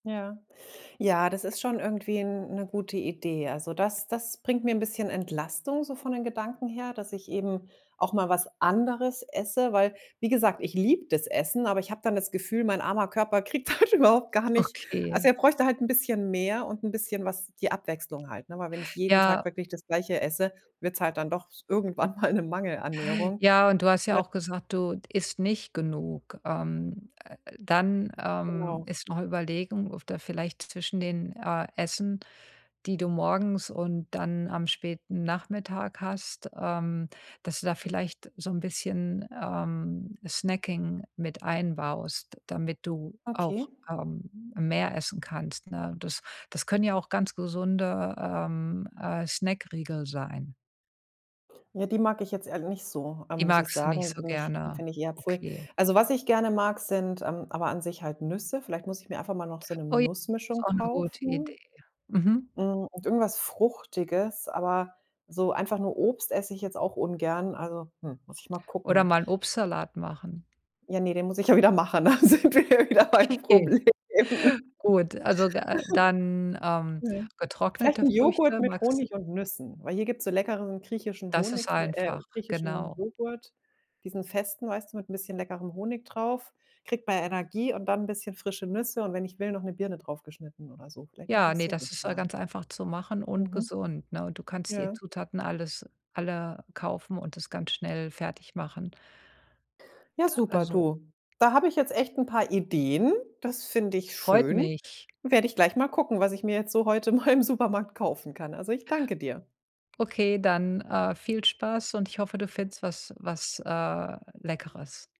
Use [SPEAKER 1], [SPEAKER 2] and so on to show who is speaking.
[SPEAKER 1] Ja. Ja, das ist schon irgendwie 'n 'ne gute Idee. Also, das das bringt mir 'n bisschen Entlastung so von den Gedanken her, dass ich eben auch mal was anderes esse. Weil, wie gesagt, ich liebe das Essen, aber ich habe dann das Gefühl, mein armer Körper kriegt halt überhaupt gar nicht also
[SPEAKER 2] Okay.
[SPEAKER 1] er bräuchte halt 'n bisschen mehr und 'n bisschen was die Abwechslung halt, ne? Weil wenn ich jeden Tag
[SPEAKER 2] Ja.
[SPEAKER 1] wirklich das Gleiche esse, wird's halt dann doch s irgendwann mal 'ne Mangelernährung.
[SPEAKER 2] Ja, und du hast ja auch gesagt, du isst nicht genug. Ähm, äh äh dann, ähm,
[SPEAKER 1] Genau.
[SPEAKER 2] ist noch Überlegung, ob da vielleicht zwischen den, äh, Essen, die du morgens und dann am späten Nachmittag hast, ähm, dass du da vielleicht so 'n bisschen, ähm, Snacking mit einbaust, damit du
[SPEAKER 1] Okay.
[SPEAKER 2] auch, ähm, mehr essen kannst, ne? Das das können ja auch ganz gesunde, ähm, äh, Snackriegel sein.
[SPEAKER 1] Ja, die mag ich jetzt ehrl nicht so, ähm,
[SPEAKER 2] Die
[SPEAKER 1] muss ich
[SPEAKER 2] magst du nicht
[SPEAKER 1] sagen.
[SPEAKER 2] so
[SPEAKER 1] Nich
[SPEAKER 2] gerne.
[SPEAKER 1] finde ich eher pfui.
[SPEAKER 2] Okay.
[SPEAKER 1] Also, was ich gerne mag, sind, ähm aber an sich halt Nüsse. Vielleicht muss ich mir einfach mal noch so 'ne
[SPEAKER 2] Oh j ist
[SPEAKER 1] Nussmischung
[SPEAKER 2] auch 'ne gute Idee.
[SPEAKER 1] kaufen.
[SPEAKER 2] Mhm.
[SPEAKER 1] Hm, und irgendwas Fruchtiges, aber so einfach nur Obst esse ich jetzt auch ungern, also, hm, muss ich mal
[SPEAKER 2] Oder
[SPEAKER 1] gucken.
[SPEAKER 2] mal 'n Obstsalat machen.
[SPEAKER 1] Ja, ne, den muss ich ja wieder machen, da sind wir ja wieder beim
[SPEAKER 2] Okay,
[SPEAKER 1] Problem.
[SPEAKER 2] gut. Also, äh, dann, ähm,
[SPEAKER 1] Mhm. Vielleicht
[SPEAKER 2] getrocknete
[SPEAKER 1] 'n Joghurt
[SPEAKER 2] Früchte,
[SPEAKER 1] mit
[SPEAKER 2] magst d
[SPEAKER 1] Honig und Nüssen, weil hier gibt's so leckeren griechischen
[SPEAKER 2] Das
[SPEAKER 1] Honig,
[SPEAKER 2] ist
[SPEAKER 1] äh,
[SPEAKER 2] einfach,
[SPEAKER 1] griechischen
[SPEAKER 2] genau.
[SPEAKER 1] Joghurt, diesen festen, weißt du, mit 'n bisschen leckerem Honig drauf. Kriegt man ja Energie und dann 'n bisschen frische Nüsse und wenn ich will, noch 'ne Birne draufgeschnitten oder so. Vielleicht mach
[SPEAKER 2] Ja,
[SPEAKER 1] ich
[SPEAKER 2] ne,
[SPEAKER 1] so was
[SPEAKER 2] das ist ja
[SPEAKER 1] mal.
[SPEAKER 2] ganz einfach zu machen und
[SPEAKER 1] Mhm.
[SPEAKER 2] gesund, ne? Und du kannst die
[SPEAKER 1] Ja.
[SPEAKER 2] Zutaten alles alle kaufen und das ganz schnell fertig machen.
[SPEAKER 1] Ja,
[SPEAKER 2] Da
[SPEAKER 1] super,
[SPEAKER 2] also
[SPEAKER 1] du. Da habe ich jetzt echt 'n paar Ideen. Das finde ich
[SPEAKER 2] Freut
[SPEAKER 1] schön.
[SPEAKER 2] mich.
[SPEAKER 1] Werde ich gleich mal gucken, was ich mir jetzt so heute mal im Supermarkt kaufen kann. Also, ich danke dir.
[SPEAKER 2] Okay, dann, äh, viel Spaß und ich hoffe, du findest was was, äh, Leckeres.